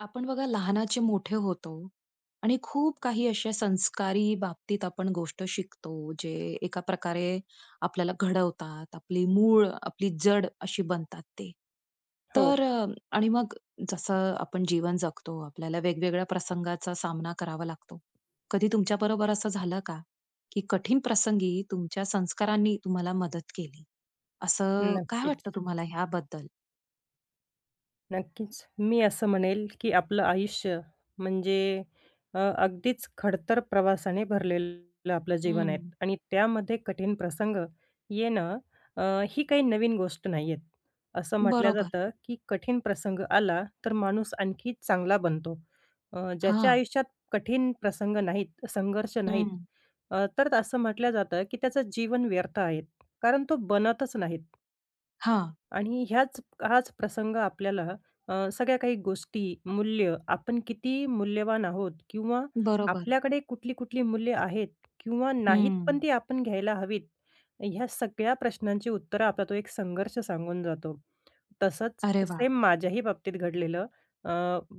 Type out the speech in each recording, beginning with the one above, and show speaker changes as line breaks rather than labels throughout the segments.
आपण बघा लहानाचे मोठे होतो आणि खूप काही अशा संस्कारी बाबतीत आपण गोष्ट शिकतो, जे एका प्रकारे आपल्याला घडवतात, आपली मूळ, आपली जड, अशी बनतात ते. तर
हो.
अ, आणि मग जसं आपण जीवन जगतो, आपल्याला वेगवेगळ्या प्रसंगाचा सामना करावा लागतो. कधी तुमच्या बरोबर असं झालं का की कठीण प्रसंगी तुमच्या संस्कारांनी तुम्हाला मदत केली? असं काय वाटतं
नक्कीच.
तुम्हाला, याबद्दल?
नक्कीच. मी असं म्हणेल, की आपलं आयुष्य म्हणजे अ, अगदीच खडतर प्रवासाने भरलेलं आपलं जीवन आहे.
हं.
आणि त्यामध्ये कठीण प्रसंग येणं अ, ही काही नवीन गोष्ट नाही आहे. असं म्हटलं
बरोबर.
जातं की कठीण प्रसंग आला, तर माणूस आणखी चांगला बनतो. अ, ज्याच्या
हां.
आयुष्यात कठीण प्रसंग नाहीत, संघर्ष नाहीत,
हं.
अ, तर असं म्हटलं जातं की त्याचं जीवन व्यर्थ आहे. कारण तो बनतच नाहीत.
हां.
आणि ह्याच हाच प्रसंग आपल्याला अ, सगळ्या काही गोष्टी, मूल्य, आपण किती मूल्यवान आहोत किंवा
बरोबर.
आपल्याकडे कुठली-कुठली मूल्य आहेत किंवा नाहीत, पण
हं.
ती आपण घ्यायला हवीत. ह्या सगळ्या प्रश्नांची उत्तरं आपला तो एक संघर्ष सांगून जातो. तसंच
अरे वाह!
सेम माझ्याही बाबतीत घडलेलं. अ,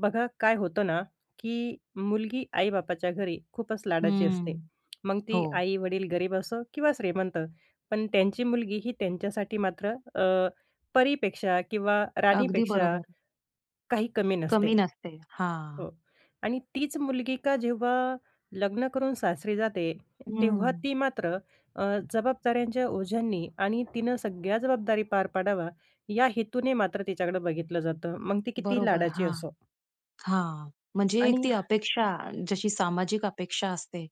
बघा, काय होतं ना की मुलगी आई-बापाच्या घरी खूपच लाडाची असते.
हम्म.
मग ती
हो.
आई-वडील गरीब असो किंवा श्रीमंत, पण त्यांची मुलगी ही त्यांच्यासाठी मात्र अ, परीपेक्षा किंवा
अगदी
राणीपेक्षा,
बरोबर.
काही कमी नसते.
कमी नसते. हां!
हो. आणि तीच मुलगी का जेव्हा लग्न करून सासरी जाते, तेव्हा
हम्म.
ती मात्र अ, जबाबदाऱ्यांच्या ओझांनी आणि तिनं सगळ्या जबाबदारी पार पाडावा, या हेतूने मात्र तिच्याकडे बघितलं जातं. मग ती किती
बरोबर,
लाडाची
हां.
असो.
हां. म्हणजे एक
आणि
ती अपेक्षा, जशी सामाजिक अपेक्षा असते,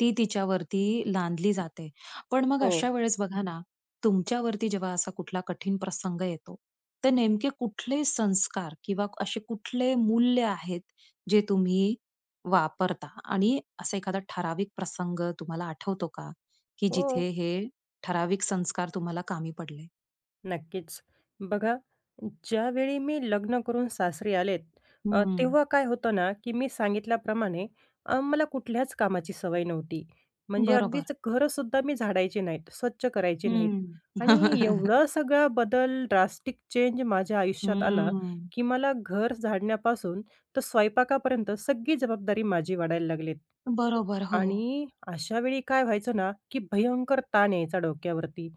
ती तिच्यावरती लादली जाते. पण मग
हो.
अशा वेळेस बघा ना, तुमच्यावरती जेव्हा असा कुठला कठीण प्रसंग येतो, तर नेमके कुठले संस्कार किंवा असे कुठले मूल्य आहेत, जे तुम्ही वापरता आणि असा एखादा ठराविक प्रसंग तुम्हाला आठवतो का? की
हो.
जिथे हे ठराविक संस्कार तुम्हाला कामी पडले?
नक्कीच. बघा ज्यावेळी मी लग्न करून सासरी आलेत, अ,
हं.
तेव्हा काय होतं ना, की मी सांगितल्याप्रमाणे अ, मला कुठल्याच कामाची सवय नव्हती. म्हणजे
बरोबर.
अगदीच घर सुद्धा मी झाडायचे नाहीत स्वच्छ करायचे नाहीत
हं.
आणि एवढा सगळा बदल ड्रास्टिक चेंज माझ्या आयुष्यात आला,
हं.
की मला घर झाडण्यापासून तर स्वयंपाकापर्यंत सगळी जबाबदारी माझी वाढायला लागली.
बरोबर, हो.
आणि अशा वेळी काय व्हायचं ना, की भयंकर ताण यायचा डोक्यावरती.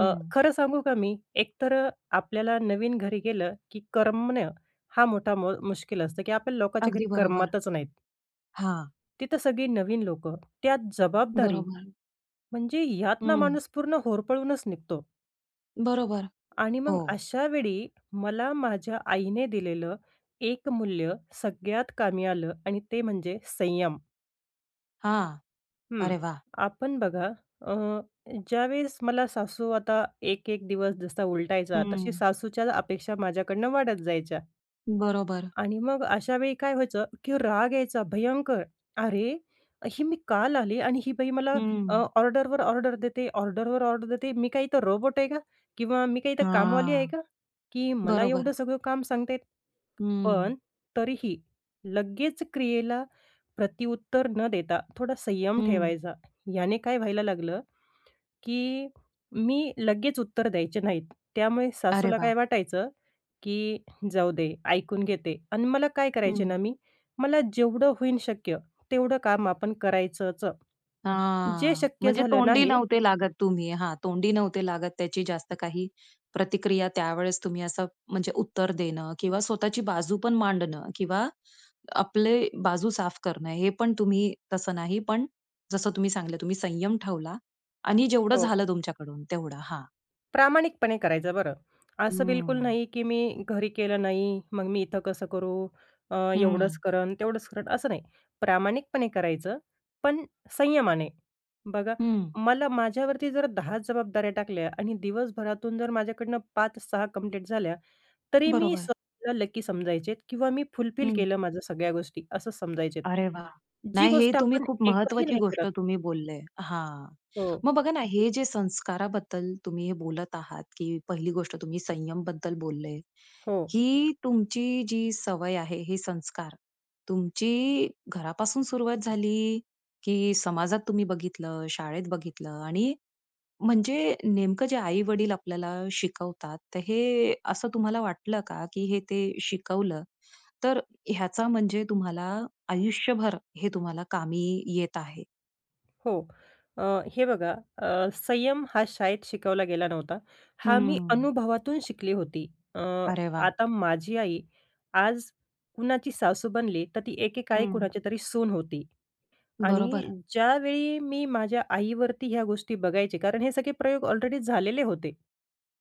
अ, खरं सांगू का मी एकतर अ, आपल्याला नवीन घरी गेलं, की करमणं हा मोठा म मुश्किल असतं, की आपल्याला लोकांच्या घरी
अगदी बरोबर,
करमतच नाहीत.
हां.
तिथं सगळी नवीन लोक, त्यात जबाबदारी
बरोबर.
म्हणजे यातनं
हं.
माणूस पूर्ण होरपळूनच निघतो.
बरोबर,
आणि
हो.
मग अशावेळी मला माझ्या आईने दिलेलं, एक मूल्य सगळ्यात कामी आलं आणि ते म्हणजे संयम.
हां,
हं,
अरे वाह!
आपण बघा अ, ज्यावेळेस मला सासू आता 1-1 दिवस जसा उलटायचा, तशी
हं.
सासूच्या अपेक्षा माझ्याकडनं वाढत जायच्या
बरोबर.
आणि मग अशा वेळी काय व्हायचं, की राग यायचा भयंकर, "अरे, ही मी काल आली आणि ही बाई मला अ,
हं.
ऑर्डरवर ऑर्डर देते, ऑर्डरवर ऑर्डर देते. मी काय इथं रोबोट आहे का? किंवा मी काय इथं कामवाली आहे
हां,
का? की मला
बरोबर.
एवढं सगळं काम सांगते."
हं.
पण तरीही लगेच क्रियेला प्रत्युत्तर न देता थोडा संयम
हं.
ठेवायचा, याने काय व्हायला लागलं की मी लगेच उत्तर द्यायचे नाहीत. त्यामुळे
अरे
सासूला
वाह!
काय वाटायचं, की "जाऊ दे ऐकून घेते" अन् मला काय करायचे
हं.
ना मी, मला जेवढं होईन शक्य, तेवढं काम आपण करायचंच. जे
हां,
शक्य
म्हणजे
झालं
तोंडी
नाही
नव्हते लागत तुम्ही, हां तोंडी नव्हते लागत. त्याची जास्त काही प्रतिक्रिया त्यावेळेस तुम्ही असं म्हणजे उत्तर देणं किंवा स्वतःची बाजू पण मांडणं किंवा आपले बाजू साफ करणं हे पण तुम्ही तसं नाही, पण जसं तुम्ही सांगितलं तुम्ही संयम ठेवला आणि जेवढं
हो.
झालं तुमच्याकडून तेवढं, हां.
प्रामाणिकपणे करायचं बरं. असं बिलकुल
हं.
नाही की मी घरी केलं नाही मग मी इथं कसं करू? अ, एवढंच
हं.
करेन तेवढंच करेन असं नाही. प्रामाणिकपणे करायचं पण संयमाने. बघा
हं.
मला, माझ्यावरती जर 10 जबाबदाऱ्या टाकल्या आणि दिवसभरातून जर माझ्याकडनं 5-6 कंप्लीट झाल्या, तरी मी
बरोबर.
स्वत:ला लकी समजायचे किंवा मी फुलफील
हं.
केलं माझ्या सगळ्या गोष्टी असं समजायचे.
अरे वाह!
जी
नाही हे
गोष्ट
तुम्ही
आपण
खूप
एकही
महत्वाची
नाही
गोष्ट
करत
तुम्ही बोललंय हां.
हो.
मग बघा ना, हे जे संस्काराबद्दल तुम्ही हे बोलत आहात की पहिली गोष्ट तुम्ही संयम बद्दल बोलले.
हो.
की तुमची जी सवय आहे, हे संस्कार, तुमची घरापासून सुरुवात झाली? की समाजात तुम्ही बघितलं, शाळेत बघितलं आणि म्हणजे नेमकं जे आई-वडील आपल्याला शिकवतात, तर हे असं तुम्हाला वाटलं का की हे ते शिकवलं, तर ह्याचा म्हणजे तुम्हाला आयुष्यभर हे तुम्हाला कामी येत आहे?
हो. अ, हे बघा अ, संयम हा शाळेत शिकवला गेला नव्हता. हा मी
हम्म.
अनुभवातून शिकली होती. अ,
अरे वाह!
आता माझी आई आज कुणाची सासू बनली, तर ती एकेकाळी
हं.
कुणाची तरी सून होती. आणि
बरोबर.
ज्यावेळी मी माझ्या आईवरती ह्या गोष्टी बघायचे, कारण हे सगळे प्रयोग ऑलरेडी झालेले होते.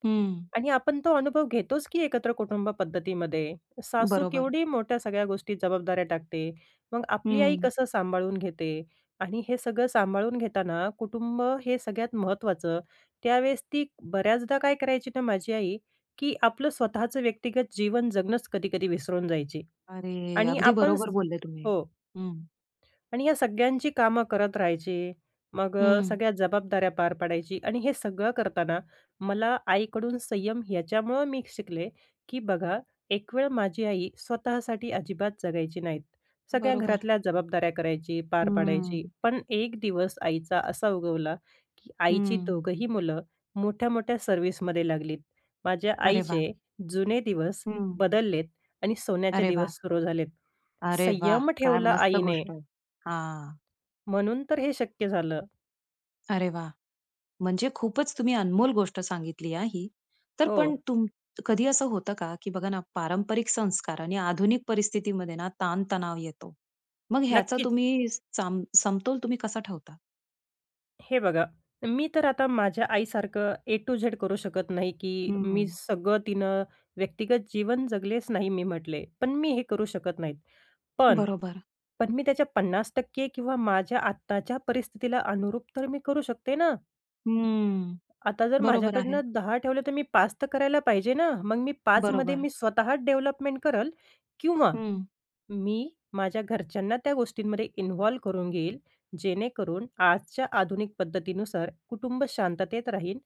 हं.
आणि आपण तो अनुभव घेतोच की एकत्र कुटुंब पद्धतीमध्ये. सासू
बरोबर.
केवढी मोठ्या सगळ्या गोष्टी जबाबदाऱ्या टाकते. मग आपली आई
हं.
कसं सांभाळून घेते. आणि हे सगळं सांभाळून घेताना कुटुंब हे सगळ्यात महत्त्वाचं. त्यावेळेस ती बऱ्याचदा काय करायची ना, माझी आई की आपलं स्वतःचं व्यक्तिगत जीवन जगणंच कधी-कधी विसरून जायची.
अरे,
आणि
अगदी
आपण स
बरोबर बोलले तुम्ही.
हो.
हं.
आणि या सगळ्यांची कामं करत राहायची. मग अ,
हं.
सगळ्या जबाबदाऱ्या पार पाडायची आणि हे सगळं करताना मला आईकडून संयम याच्यामुळं मी शिकले की बघा, एकवेळ माझी आई स्वतःसाठी अजिबात जगायची नाहीत. सगळ्या
बरोबर.
घरातल्या जबाबदाऱ्या करायची, पार पाडायची,
हम्म.
पण एक दिवस आईचा असा उगवला की आईची
हं.
दोघंही मुलं मोठ्या-मोठ्या सर्व्हिसमध्ये लागलीत. माझ्या
अरे वाह!
आईचे जुने दिवस
हं.
बदललेत आणि सोन्याचे
अरे वाह!
दिवस सुरू झालेत.
अरे वाह!
संयम
काय
ठेवला
मस्त
आईने.
गोष्ट आहे. हां.
म्हणून तर हे शक्य झालं.
अरे वाह! म्हणजे खूपच तुम्ही अनमोल गोष्ट सांगितली हां, ही. तर पण
हो.
तूम कधी असं होतं का की बघा ना पारंपरिक संस्कार आणि आधुनिक परिस्थितीमध्ये ना ताण-तणाव येतो. मग ह्याचा
नक्कीच.
तुम्ही साम समतोल तुम्ही कसा ठेवता?
हे बघा मी तर आता माझ्या आईसारखं ए टू झेड करू शकत नाही, की मी
हं.
सगळं तिनं व्यक्तिगत जीवन जगलेच नाही मी म्हटले. पण मी हे करू शकत नाही. पण,
बरोबर.
पण मी त्याच्या 50% किंवा माझ्या आत्ताच्या परिस्थितीला अनुरूप तर मी करू शकते ना?
हम्म,
आता जर
बरोबर
माझ्याकडून
आहे.
10 ठेवलं तर मी 5 तर करायला पाहिजे ना मग मी 5 मध्ये
बरोबर.
मी स्वतः डेव्हलपमेंट करेल किंवा
हं.
मी माझ्या घरच्यांना त्या गोष्टींमध्ये इन्व्हॉल्व करून घेईल. जेणेकरून आजच्या आधुनिक पद्धतीनुसार कुटुंब शांततेत राहीन,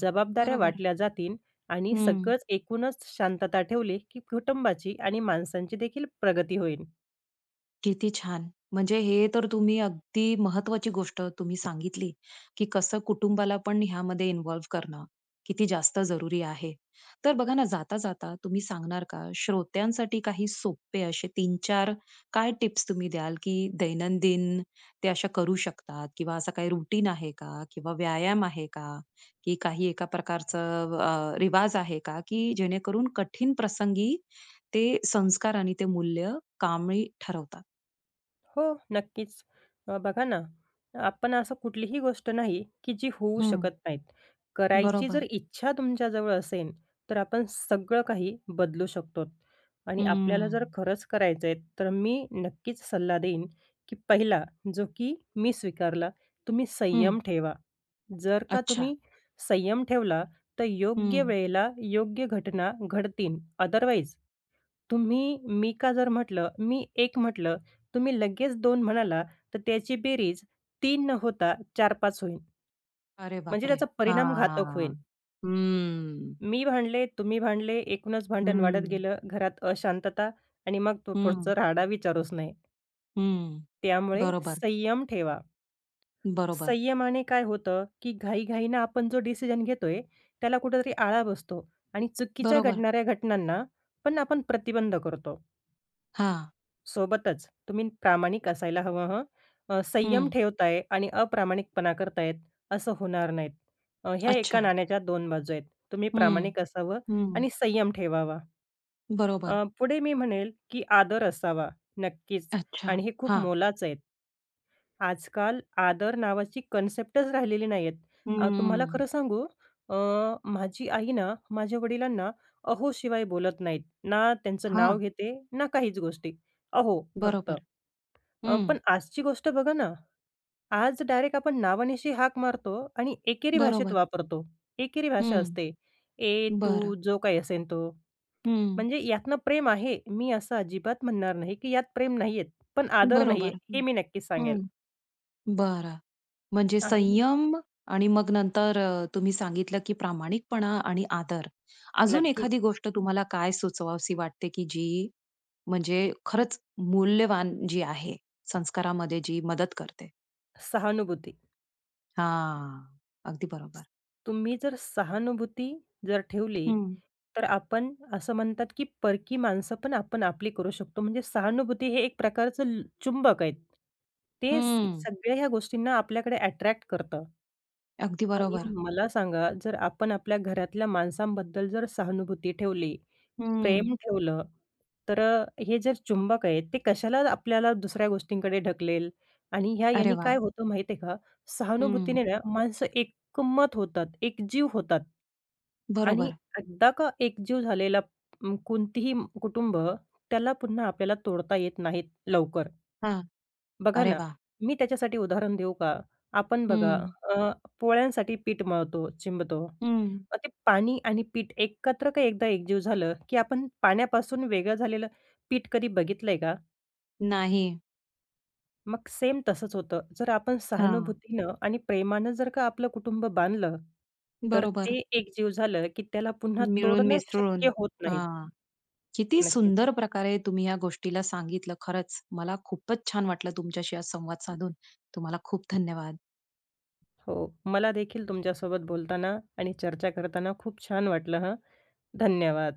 जबाबदाऱ्या
बरोबर.
वाटल्या जातील आणि
हं.
सगळंच एकूणच शांतता ठेवली की कुटुंबाची आणि माणसांची देखील प्रगती होईल.
किती छान! म्हणजे हे तर तुम्ही अगदी महत्वाची गोष्ट तुम्ही सांगितली, की कसं कुटुंबाला पण ह्यामध्ये इन्व्हॉल्व्ह करणं किती जास्त जरुरी आहे. तर बघा ना जाता, जाता तुम्ही सांगणार का श्रोत्यांसाठी काही सोपे असे 3-4 काय टीप्स, तुम्ही द्याल की दैनंदिन ते अशा करू शकतात किंवा असा काही रूटीन आहे का किंवा व्यायाम आहे का की काही एका प्रकारचं अ, रिवाज आहे का की जेणेकरून कठीण प्रसंगी ते संस्कार आणि ते मूल्य कामी ठरवतात.
हो, नक्कीच. अ, बघा ना, आपण असं कुठलीही गोष्ट नाही, की जी होऊ
हं.
शकत नाहीत. करायची जर
बरोबर.
इच्छा तुमच्याजवळ असेल तर आपण सगळं काही बदलू शकतो. आणि आपल्याला जर
हम्म.
खरंच करायचं आहे. तर मी नक्कीच सल्ला देईन, की पहिला जो की मी स्वीकारला, तुम्ही संयम
हं.
ठेवा. जर का
अच्छा.
तुम्ही संयम ठेवला तर योग्य
हं.
वेळेला योग्य घटना घडतील. अदरवाईज तुम्ही, मी का जर म्हटलं, मी एक म्हटलं. तुम्ही लगेच 2 म्हणाला. तर त्याची बेरीज 3 न होता 4-5 होईन.
अरे
म्हणजे
बापरे!
त्याचा परिणाम घातक होईल.
हां. हम्म.
मी भांडले, तुम्ही भांडले. एकूणच भांडण
हं,
वाढत
हं.
गेलं. घरात अशांतता आणि मग तो
हं.
पुढचं राहाडा विचारुच नाही.
हं,
त्यामुळे
बरोबर.
संयम ठेवा.
बरोबर.
संयमाने काय होतं, की घाईघाईने आपण जो डिसिजन घेतोय, त्याला कुठेतरी आळा बसतो आणि चुकीच्या
बरोबर.
घडणाऱ्या घटनांना पण आपण प्रतिबंध करतो.
हां.
सोबतच तुम्ही प्रामाणिक असायला हवं हं. अ, संयम
हं.
ठेवताय आणि अप्रामाणिकपणा करताहेत असं होणार नाही. ह्या एका
अच्छा.
नाण्याच्या 2 बाजू आहेत. तुम्ही
हं,
प्रामाणिक असावं
हं.
आणि संयम ठेवावा.
बरोबर.
अ, पुढे मी म्हणेल, की आदर असावा. नक्कीच
अच्छा,
आणि हे खूप
हां.
मोलाचं आहेत. आजकाल आदर नावाची कॉन्सेप्टच राहिलेली नाहीहेत. अ, तुम्हाला
हम्म.
खरं सांगू, अ, माझी आई ना, माझ्या वडिलांना, अहो शिवाय बोलत नाहीत. ना त्यांचं नाव
हां.
घेते. ना काहीच गोष्टी. अहो फक्त.
बरोबर,
अ, पण
हं.
आजची गोष्ट बघा ना, आज डायरेक्ट आपण नावानिशी हाक मारतो आणि एकेरी भाषेत
बरोबर.
वापरतो. एकेरी भाषा
हं,
असते, "ए,
बरं.
तू," जो काही असेल तो.
हं.
म्हणजे यातनं प्रेम आहे, मी असं अजिबात म्हणणार नाही, की यात प्रेम नाहीहेत. पण आदर नाहीये.
बरोबर,
हे
हं,
मी नक्कीच सांगेल.
हं, बरं. म्हणजे
आणि
संयम आणि मग नंतर अ, तुम्ही सांगितलं की प्रामाणिकपणा आणि आदर. अजून
नक्कीच.
एखादी गोष्ट तुम्हाला काय सुचवावीशी वाटते? की जी म्हणजे खरंच मूल्यवान जी आहे, संस्कारामध्ये जी मदत करते?
सहानुभूती.
हां, अगदी बरोबर.
तुम्ही जर सहानुभूती जर ठेवली
हं.
तर आपण असं म्हणतात, की परकी माणसं पण आपण आपली करू शकतो. म्हणजे सहानुभूती हे एक प्रकारचे ल चुंबक आहे. ते
हं.
सगळ्या ह्या गोष्टींना आपल्याकडे अट्रॅक्ट करतं.
अगदी
आणि
बरोबर.
मग मला सांगा, जर आपण आपल्या घरातल्या माणसांबद्दल जर सहानुभूती ठेवली,
हं.
प्रेम ठेवलं, तर अ, हे जे चुंबक आहेत ते कशाला आपल्याला दुसऱ्या गोष्टींकडे ढकलेल आणि ह्या
अरे
यानी
वाह!
काय होतं माहीत आहे का,
हं.
सहानुभूतीने ना माणसं एकमत होतात, एक जीव होतात आणि
बरोबर.
एकदा का एकजीव झालेला कोणतीही कुटुंब, त्याला पुन्हा आपल्याला तोडता येत नाहीत लवकर.
हां,
बघा
अरे
ना,
वाह!
मी त्याच्यासाठी उदाहरण देऊ का, आपण बघा
हं.
अ, पोळ्यांसाठी पीठ मळतो, चिंबतो
हं.
मग ते पाणी आणि पीठ एकत्र काय एकदा एकजीव झालं, की आपण पाण्यापासून वेगळं झालेलं पीठ कधी बघितलंय का?
नाही.
मग सेम तसंच होतं. जर आपण
हां.
सहानुभूतीनं आणि प्रेमानं जर का आपलं कुटुंब बांधलं, तर
बरोबर.
ते एक जीव झालं, की त्याला पुन्हा तोडणं
मिळून-मिसळून.
शक्य होत नाही.
हां, किती
नक्कीच.
सुंदर प्रकारे तुम्ही ह्या गोष्टीला सांगितलं खरंच, मला खूपच छान वाटलं, तुमच्याशी आज संवाद साधून. तुम्हाला खूप धन्यवाद.
हो, मला देखील तुमच्यासोबत बोलताना आणि चर्चा करताना खूप छान वाटलं हं, धन्यवाद.